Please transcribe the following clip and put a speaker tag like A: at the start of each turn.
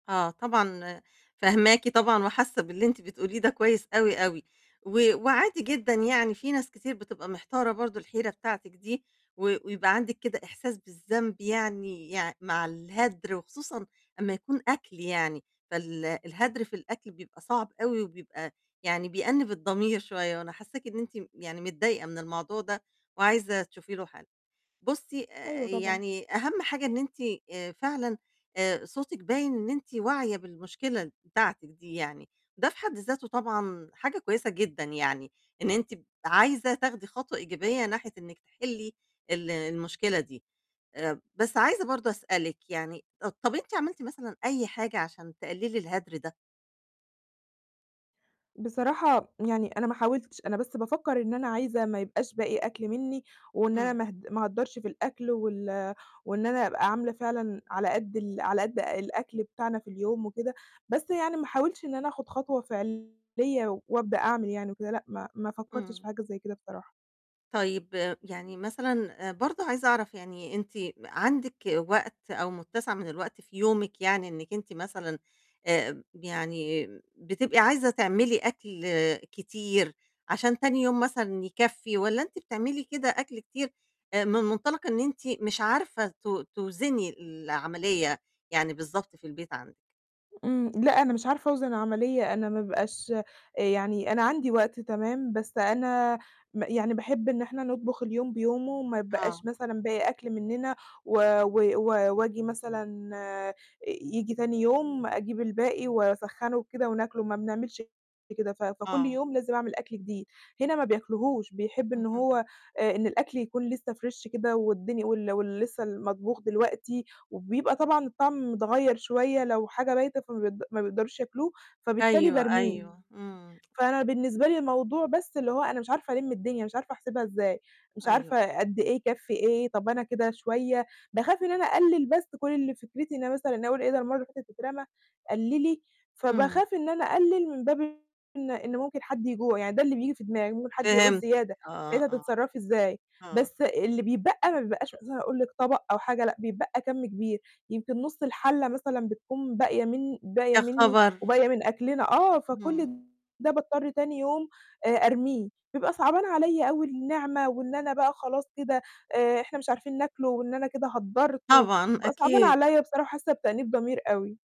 A: آه، طبعًا، فهماكِ طبعًا، وحاسّة باللي أنتِ بتقوليه ده كويس أوي، أوي، و وعادي جدًا يعني، في ناس كتير بتبقى محتارة برضه الحيرة بتاعتِك دي، و ويبقى عندِك كده إحساس بالذنب، يعني يع مع الهدر، وخصوصًا أمّا يكون أكل يعني. فال الهدر في الأكل بيبقى صعب أوي، وبيبقى يعني بيأنّب الضمير شوية، وأنا حسّاكِ إن أنتِ يعني متضايقة من الموضوع ده، وعايزة تشوفي له حَل. بُصّي، آآ،
B: أيوه، طبعًا.
A: يعني أهم حاجة إن أنتِ فعلًا آآ، صوتِك باين إن أنتِ واعية بالمشكلة بتاعتِك دي يعني، ده في حد ذاته طبعًا حاجة كويسة جدًا يعني، إن أنتِ عايزة تاخدي خطوة إيجابية ناحية إنك تِحلّي ال المشكلة دي. آآ، بس عايزة برضه أسألِك يعني، طَب أنتِ عملتِ مثلًا أي حاجة عشان تقللي الهدر ده؟
B: بصراحة، يعني أنا ما حاولتش، أنا بس بافكّر إن أنا عايزة ما يبقاش باقي أكل مِنّي، وإن أنا
A: إمم.
B: ما هد ما اهدّرش في الأكل، وال وإن أنا أبقى عاملة فعلًا على قد ال على قد الأكل بتاعنا في اليوم وكده. بس يعني ما حاولتش إن أنا آخُد خطوة فعلية، و وأبدأ أعمل يعني وكده، لأ، ما ما فكّرتش
A: إمم.
B: في حاجة زي كده بصراحة.
A: طيب، يعني مثلًا برضه عايزة أعرف يعني، أنتِ عندِك وقت أو متّسع من الوقت في يومِك يعني، إنِّك أنتِ مثلًا آآ، يعني بتبقى عايزة تعملي أكل كتير عشان تاني يوم مثلًا يكفّي؟ والّا أنتِ بتعملي كده أكل كتير من منطلق إن أنتِ مش عارفة تو توزني العملية يعني بالضبط في البيت عندِك؟
B: إمم، لأ، أنا مش عارفة أوزِن العملية، أنا ما بيبقاش يعني أنا عندي وقت تمام، بس أنا م يعني باحب إن إحنا نطبُخ اليوم بيومه، وما
A: آه.
B: يتبقاش مثلًا باقي أكل مننا، و و و وآجي مثلًا آآ، ييجي تاني يوم أجيب الباقي وأسخّنه وكده وناكله، ما بنعملش كده. ف فكل
A: آه.
B: يوم لازم أعمل أكل جديد، هنا ما بياكلهوش، بيحب إن
A: اهم.
B: هو إن الأكل يكون لسّه fresh كده والدنيا وال واللي لِسّه المطبوخ دلوقتي، وبيبقى طبعًا الطعم متغيّر شوية لو حاجة بايتة، فما بي ما بيقدرش ياكلوه، فبالتالي
A: أيوه،
B: بارميه.
A: أيوه، إمم.
B: فأنا بالنسبة لي الموضوع بس اللي هو أنا مش عارفة ألم الدنيا، مش عارفة أحسبها إزاي، مش
A: أيوه.
B: عارفة قد إيه يكفّي إيه. طَب أنا كده شوية، باخاف إن أنا أقلل، بس كل اللي فكرتي إن أنا مثلًا أقُول إيه، ده المَرّة اللي فاتت اترمى، قللي.
A: إمم.
B: فباخاف إن أنا أقلل من باب إن إن ممكن حد يجوع يعني، ده اللي بييجي في دماغي، ممكن حد يعوز
A: فهمتِك
B: زيادة،
A: آه،
B: ساعتها
A: آه،
B: هتتصرّفي إزاي؟
A: آه.
B: بس اللي بيتبقى ما بيبقاش أساسًا أقول لِك طبق أو حاجة، لأ، بيتبقى كَم كبير، يمكن نُص الحَلّة مثلًا بتكون باقية من باقية
A: يا
B: مِنّي
A: خبر!
B: وباقية من أكلنا. آه.
A: إمم.
B: فكل ده باضطر تاني يوم آآ، أرميه، بيبقى صعبان عليّا أوي النعمة، وإن أنا بقى خلاص كده آآ، إحنا مش عارفين ناكله، وإن أنا كده هدّرت، و
A: طبعًا،
B: وبيبقى صعبان
A: أكيد.
B: عليّا بصراحة، حاسة بتأنيب ضمير أوي.